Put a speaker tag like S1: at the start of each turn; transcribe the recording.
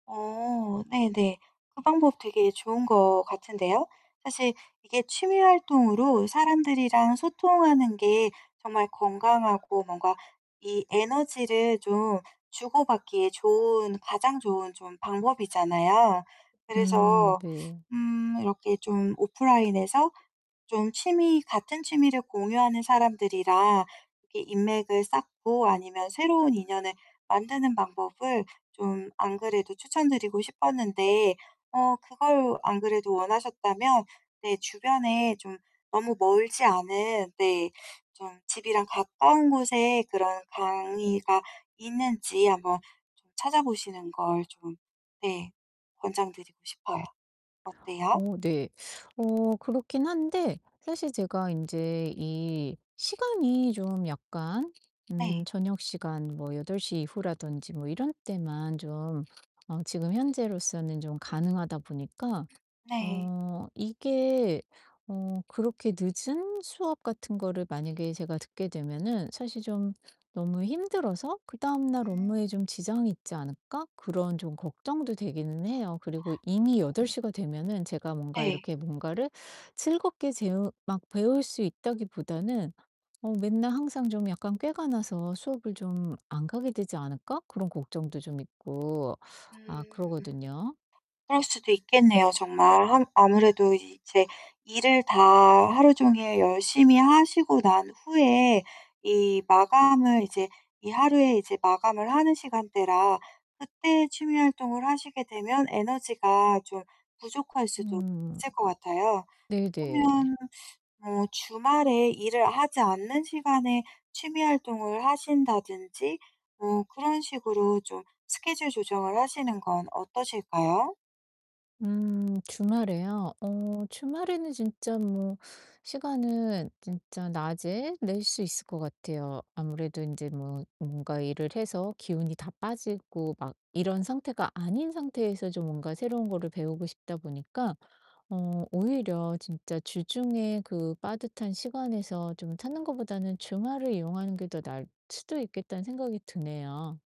S1: 어 네네. 그 방법 되게 좋은 것 같은데요. 사실 이게 취미 활동으로 사람들이랑 소통하는 게 정말 건강하고 뭔가 이 에너지를 좀 주고 받기에 좋은 가장 좋은 좀 방법이잖아요.
S2: 음
S1: 그래서
S2: 네.
S1: 음 이렇게 좀 오프라인에서 좀 취미 같은 취미를 공유하는 사람들이라 이렇게 인맥을 쌓고 아니면 새로운 인연을 만드는 방법을 좀 안 그래도 추천 드리고 싶었는데 어 그걸 안 그래도 원하셨다면 네 주변에 좀 너무 멀지 않은 네 좀 집이랑 가까운 곳에 그런 강의가 있는지 한번 찾아 보시는 걸 좀 네 권장 드리고 싶어요. 어때요?
S2: 어 네. 어 그렇긴 한데 사실 제가 인제 이 시간이 좀 약간
S1: 네.
S2: 음 저녁 시간 뭐 8:00 이후라든지 뭐 이런 때만 좀 어 지금 현재로서는 좀 가능하다 보니까
S1: 네.
S2: 어 이게 어 그렇게 늦은 수업 같은 거를 만약에 제가 듣게 되면은 사실 좀 너무 힘들어서 '그다음날 업무에
S1: 음.
S2: 좀 지장이 있지 않을까?' 그런 좀 걱정도 되기는 해요. 그리고 이미 8:00 가
S1: 음.
S2: 되면은 제가 뭔가
S1: 네.
S2: 이렇게 뭔가를 즐겁게 재우 막 배울 수 있다기보다는 어 맨날 항상 좀 약간 꾀가 나서 '수업을 좀 안 가게 되지 않을까?' 그런 걱정도 좀 있고 아
S1: 음.
S2: 그러거든요.
S1: 그럴 수도 있겠네요 정말. 항 아무래도 이제 일을 다 하루종일 열심히 하시고 난 후에 이 마감을 이제 이 하루에 이제 마감을 하는 시간대라 그때 취미 활동을 하시게 되면 에너지가 좀 부족할 수도
S2: 음.
S1: 있을 것 같아요.
S2: 네 네.
S1: 그러면 뭐 주말에 일을 하지 않는 시간에 취미 활동을 하신다든지 뭐 그런 식으로 좀 스케줄 조정을 하시는 건 어떠실까요?
S2: 음 주말에요? 어 주말에는 진짜 뭐 시간은 진짜 낮에 낼 수 있을 것 같아요. 아무래도 인제 뭐 뭔가 일을 해서 기운이 다 빠지고 막 이런 상태가 아닌 상태에서 좀 뭔가 새로운 거를 배우고 싶다 보니까 어 오히려 진짜 주중에 그 빠듯한 시간에서 좀 찾는 것보다는 주말을 이용하는 게 더 나을 수도 있겠다는 생각이 드네요.